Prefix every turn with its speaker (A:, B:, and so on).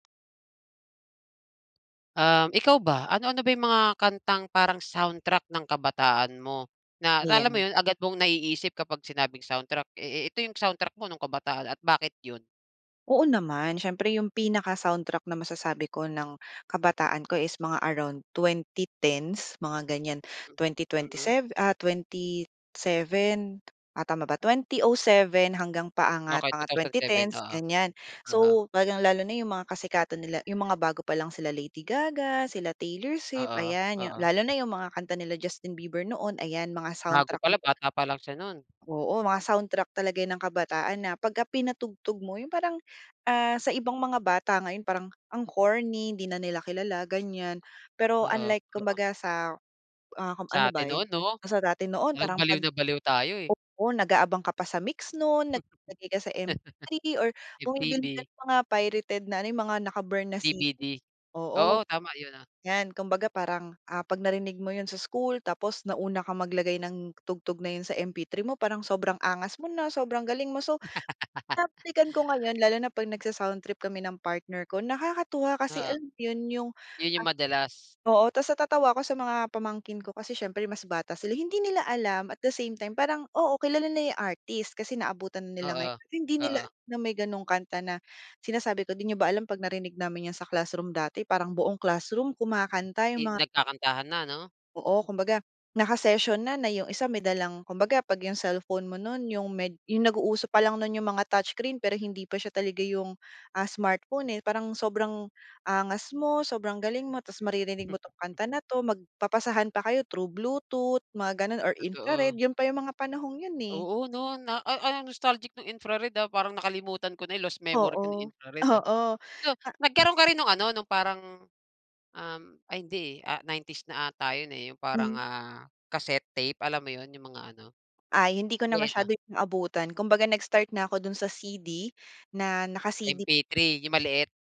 A: Um, ikaw ba ano-ano ba yung mga kantang parang soundtrack ng kabataan mo? Na alam mo
B: Ayan.
A: yun, agad mong naiisip kapag sinabing soundtrack eh, eh, ito yung soundtrack mo nung kabataan at bakit yun?
B: Oo naman, siyempre yung pinaka-soundtrack na masasabi ko ng kabataan ko is mga around 2010s, mga ganiyan,
A: Hmm,
B: twenty twenty
A: mm.
B: sev ah, 27 ah, tama ba? 2007 hanggang paangat
A: Okey,
B: mga
A: two
B: hanggang
A: thousand
B: twenty
A: seven.
B: tens,
A: Oo,
B: ganiyan.
A: oo.
B: So, lalong-lalo na yung mga kasikatan nila yung mga bago pa lang sila Lady Gaga, sila Taylor Swift,
A: Oo,
B: ayan. Yu
A: oo.
B: lalo na yung mga kanta nila Justin Bieber noon, ayan, mga
A: Bago
B: soundtrack.
A: pa lang,
B: [unintelligible]
A: bata pa lang siya, no'n.
B: Oo, mga soundtrack talaga yan ng kabataan na pagka pinatugtog mo yung parang, ah, sa ibang mga bata ngayon parang ang corny hindi na nila kilala, ganiyan. Pero
A: Oo,
B: unlike
A: oo.
B: kumbaga sa, ah, kung ano
A: Sa
B: ba
A: atin noon, 'no?
B: kasi dati noon
A: Parang
B: parang
A: baliw
B: 'pag,
A: na baliw tayo, eh.
B: oo, nag-aabang ka pa sa MYX nun nag naglalagay ka sa MP3 or bumibili ka
A: MTV.
B: ng mga pirated na ano, yung mga naka-burn na CD,
A: DVD,
B: oo,
A: oo, tama yun, ah.
B: yan. Kumbaga parang, ah, 'pag narinig mo yun sa school tapos nauna kang maglagay ng tugtog na yun sa MP3 mo, parang sobrang angas mo na, sobrang galing mo. So, binabalikan ko ngayon lalo na 'pag nagsa-soundtrip kami ng partner ko, nakakatuwa kasi,
A: Oo.
B: alam yun, yung,
A: Yun yung
B: ah,
A: madalas.
B: oo, tas natatawa ako sa mga pamangkin ko kasi siyempre mas bata sila, hindi nila alam at the same time parang, oo, kilala nila yung artist kasi naabutan na nila
A: Oo,
B: ngayon. Hindi nila
A: oo.
B: alam na may gano'ng kanta na sinasabi ko di nyo ba alam 'pag narinig namin yan sa classroom dati parang buong classroom kumakanta,
A: Eh,
B: yung mga
A: nagkakantahan na, 'no?
B: Oo, kumbaga naka-session na, na yung isa may dalang kumbaga 'pag yung cellphone mo nun yung med yung nag-uuso pa lang nun yung mga touchscreen pero hindi pa siya talaga yung, ah, smartphone, eh. Parang sobrang angas mo, sobrang galing mo, tas maririnig mo 'tong kanta na 'to magpapasahan pa kayo thru bluetooth, mga gano'n or infrared,
A: Totoo.
B: yun pa yung mga panahong yun eh.
A: Oo, 'no, na a ang nostalgic nung infrared, ah, parang nakalimutan ko na lost memory ko
B: Oo,
A: yung infrared ah.
B: oo.
A: So,
B: Ah
A: nagkaroon ka rin nung ano, nung parang, um, ay hindi eh, 90s na ata yun eh, yung parang,
B: Hmm.
A: ah, cassette tape, alam mo yun, yung mga ano,
B: Ay, hindi ko na
A: ayan na
B: masyado yun naabutan kumbaga nag-start na ako dun sa CD na, naka-CD
A: MP3, yung maliit?